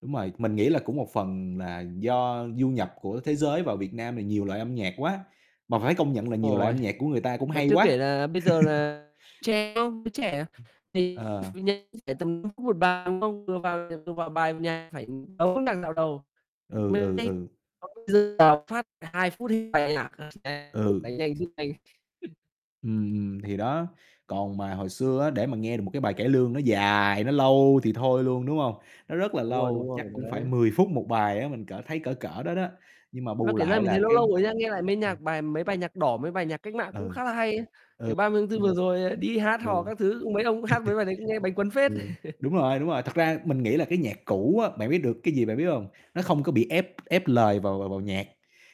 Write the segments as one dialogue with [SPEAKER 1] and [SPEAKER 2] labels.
[SPEAKER 1] Đúng rồi, mình nghĩ là cũng một phần là do du nhập của thế giới vào Việt Nam thì nhiều loại âm nhạc quá, mà phải công nhận là nhiều loại âm
[SPEAKER 2] Ôi,
[SPEAKER 1] nhạc của người ta cũng
[SPEAKER 2] mà
[SPEAKER 1] hay
[SPEAKER 2] chưa kể
[SPEAKER 1] quá.
[SPEAKER 2] là bây giờ là trẻ không, giới trẻ thì
[SPEAKER 1] Ờ.
[SPEAKER 2] [unintelligible] tầm [unintelligible] vào bài nhạc phải tấu đoạn dạo đầu,
[SPEAKER 1] Ừ, ừ,
[SPEAKER 2] [unintelligible]
[SPEAKER 1] ừ.
[SPEAKER 2] vào phát là 2 phút bài nhạc [unintelligible]
[SPEAKER 1] Ừ.
[SPEAKER 2] đánh nhanh rút nhanh.
[SPEAKER 1] Ừm, ừm, thì đó. Còn mà hồi xưa á, để mà nghe được một cái bài cải lương nó dài, nó lâu thì thôi luôn, đúng hông? Nó rất là
[SPEAKER 2] Đúng rồi,
[SPEAKER 1] lâu,
[SPEAKER 2] đúng
[SPEAKER 1] chắc
[SPEAKER 2] rồi
[SPEAKER 1] cũng phải
[SPEAKER 2] đấy.
[SPEAKER 1] 10 phút 1 bài á, mình cỡ thấy cỡ cỡ đó đó, nhưng mà
[SPEAKER 2] Mà
[SPEAKER 1] bù
[SPEAKER 2] kể ra
[SPEAKER 1] lại
[SPEAKER 2] mình
[SPEAKER 1] là
[SPEAKER 2] thấy nó
[SPEAKER 1] cái
[SPEAKER 2] lâu rồi nhá, nghe lại mấy
[SPEAKER 1] ừm.
[SPEAKER 2] nhạc bài mấy bài nhạc đỏ, mấy bài nhạc cách mạng cũng
[SPEAKER 1] Ừ.
[SPEAKER 2] khá là hay ấy.
[SPEAKER 1] Ừ.
[SPEAKER 2] Kiểu, 30 tháng
[SPEAKER 1] Ừm. Ừ.
[SPEAKER 2] 4 vừa rồi, ờ, đi hát hò các thứ, mấy ông cũng hát mấy bài đấy nghe bánh cuốn phết.
[SPEAKER 1] Ừ. Đúng rồi, đúng rồi, thật ra mình nghĩ là cái nhạc cũ á, bạn biết được cái gì, bạn biết hông? Nó không có bị ép ép lời vào vào vào nhạc,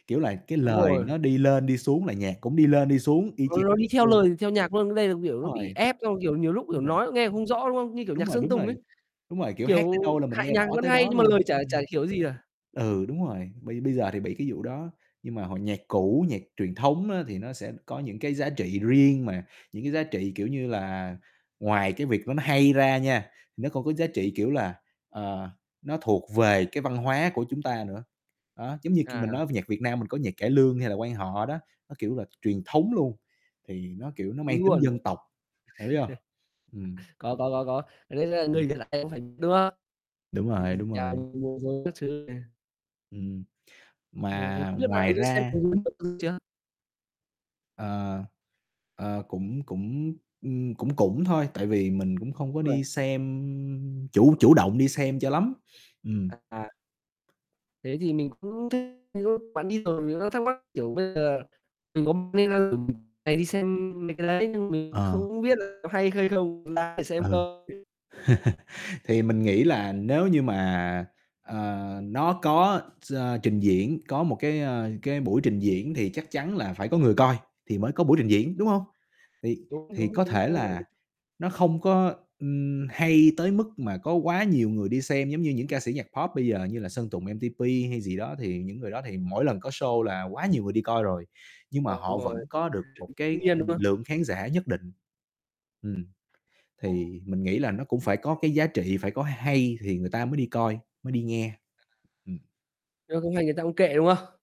[SPEAKER 1] kiểu là, cái
[SPEAKER 2] Đúng
[SPEAKER 1] lời
[SPEAKER 2] rồi.
[SPEAKER 1] nó đi lên đi xuống là nhạc cũng đi lên đi xuống y
[SPEAKER 2] Nó
[SPEAKER 1] chang
[SPEAKER 2] nó đi theo
[SPEAKER 1] ừ.
[SPEAKER 2] lời theo nhạc luôn, nhưng đây là, kiểu, nó
[SPEAKER 1] Đúng
[SPEAKER 2] bị
[SPEAKER 1] rồi.
[SPEAKER 2] ép xong, kiểu, nhiều lúc, kiểu,
[SPEAKER 1] Đúng rồi.
[SPEAKER 2] nói nghe không rõ, đúng không? Như kiểu
[SPEAKER 1] Đúng
[SPEAKER 2] nhạc
[SPEAKER 1] rồi,
[SPEAKER 2] Sơn
[SPEAKER 1] đúng
[SPEAKER 2] Tùng
[SPEAKER 1] rồi,
[SPEAKER 2] ấy,
[SPEAKER 1] đúng rồi, kiểu, hát tới
[SPEAKER 2] kiểu,
[SPEAKER 1] đâu là mình
[SPEAKER 2] hay
[SPEAKER 1] nghe
[SPEAKER 2] nhạc
[SPEAKER 1] rõ
[SPEAKER 2] vẫn
[SPEAKER 1] tới
[SPEAKER 2] hay
[SPEAKER 1] đó
[SPEAKER 2] nhưng mà
[SPEAKER 1] luôn.
[SPEAKER 2] lời chả chả
[SPEAKER 1] Ừm.
[SPEAKER 2] hiểu gì cả.
[SPEAKER 1] Ừ, đúng rồi, bây bây giờ thì bị cái vụ đó, nhưng mà hồi nhạc cũ, nhạc truyền thống á thì nó sẽ có những cái giá trị riêng mà, những cái giá trị, kiểu như là, ngoài cái việc nó nó hay ra nha, nó còn có giá
[SPEAKER 2] Ừm.
[SPEAKER 1] trị, kiểu là, ờ, nó thuộc về cái văn hóa của chúng ta nữa. Đó, giống như kiểu, mình
[SPEAKER 2] À.
[SPEAKER 1] nói nhạc Việt Nam mình có nhạc cải lương hay là quan họ đó, nó, kiểu là, truyền thống luôn, thì nó, kiểu, nó mang
[SPEAKER 2] Đúng
[SPEAKER 1] tính
[SPEAKER 2] luôn.
[SPEAKER 1] dân tộc, bạn biết hông? Ừm.
[SPEAKER 2] Có, có, có, có [unintelligible]
[SPEAKER 1] Ừm.
[SPEAKER 2] người [unintelligible] em cũng phải, đúng không?
[SPEAKER 1] Đúng rồi,
[SPEAKER 2] Ừm,
[SPEAKER 1] đúng
[SPEAKER 2] [unintelligible]
[SPEAKER 1] rồi.
[SPEAKER 2] các thứ này.
[SPEAKER 1] Ừm,
[SPEAKER 2] Ờ,
[SPEAKER 1] mà
[SPEAKER 2] không biết bạn có
[SPEAKER 1] ngoài
[SPEAKER 2] đi xem
[SPEAKER 1] ra
[SPEAKER 2] [unintelligible] chưa?
[SPEAKER 1] Ờ, ờ cũng cũng, ừm, cũng cũng thôi, tại vì mình cũng không có
[SPEAKER 2] Uầy.
[SPEAKER 1] đi xem, chủ chủ động đi xem cho lắm. Ừm.
[SPEAKER 2] À, à. Thế thì mình cũng thích [unintelligible] đi rồi, mình đang thắc mắc, kiểu, bây giờ mình có nên [unintelligible] đi xem mấy cái đấy, nhưng mình
[SPEAKER 1] Ờ.
[SPEAKER 2] không biết là có hay hay không, có đáng để
[SPEAKER 1] Ừ.
[SPEAKER 2] xem không?
[SPEAKER 1] Thì mình nghĩ là nếu như mà, ờ, nó có ch trình diễn, có một cái, ờ, cái buổi trình diễn thì chắc chắn là phải có người coi thì mới có buổi trình
[SPEAKER 2] Đúng
[SPEAKER 1] diễn, đúng hông? Thì
[SPEAKER 2] rồi. Đúng,
[SPEAKER 1] thì
[SPEAKER 2] đúng,
[SPEAKER 1] có
[SPEAKER 2] đúng,
[SPEAKER 1] thể
[SPEAKER 2] đúng vậy.
[SPEAKER 1] là nó không có, ừm, hay tới mức mà có quá nhiều người đi xem giống như những ca sĩ nhạc pop bây giờ như là Sơn Tùng MTP hay gì đó, thì những người đó thì mỗi lần có show là quá nhiều người đi coi rồi, nhưng mà
[SPEAKER 2] Ờ đúng
[SPEAKER 1] họ
[SPEAKER 2] rồi.
[SPEAKER 1] vẫn có được một
[SPEAKER 2] Chuẩn,
[SPEAKER 1] cái
[SPEAKER 2] [unintelligible] đúng không?
[SPEAKER 1] lượng khán giả nhất định. Ừm, thì mình nghĩ là nó cũng phải có cái giá trị, phải có hay thì người ta mới đi coi, mới đi nghe.
[SPEAKER 2] À.
[SPEAKER 1] Ừm.
[SPEAKER 2] Nghe không hay người ta cũng kệ, đúng không?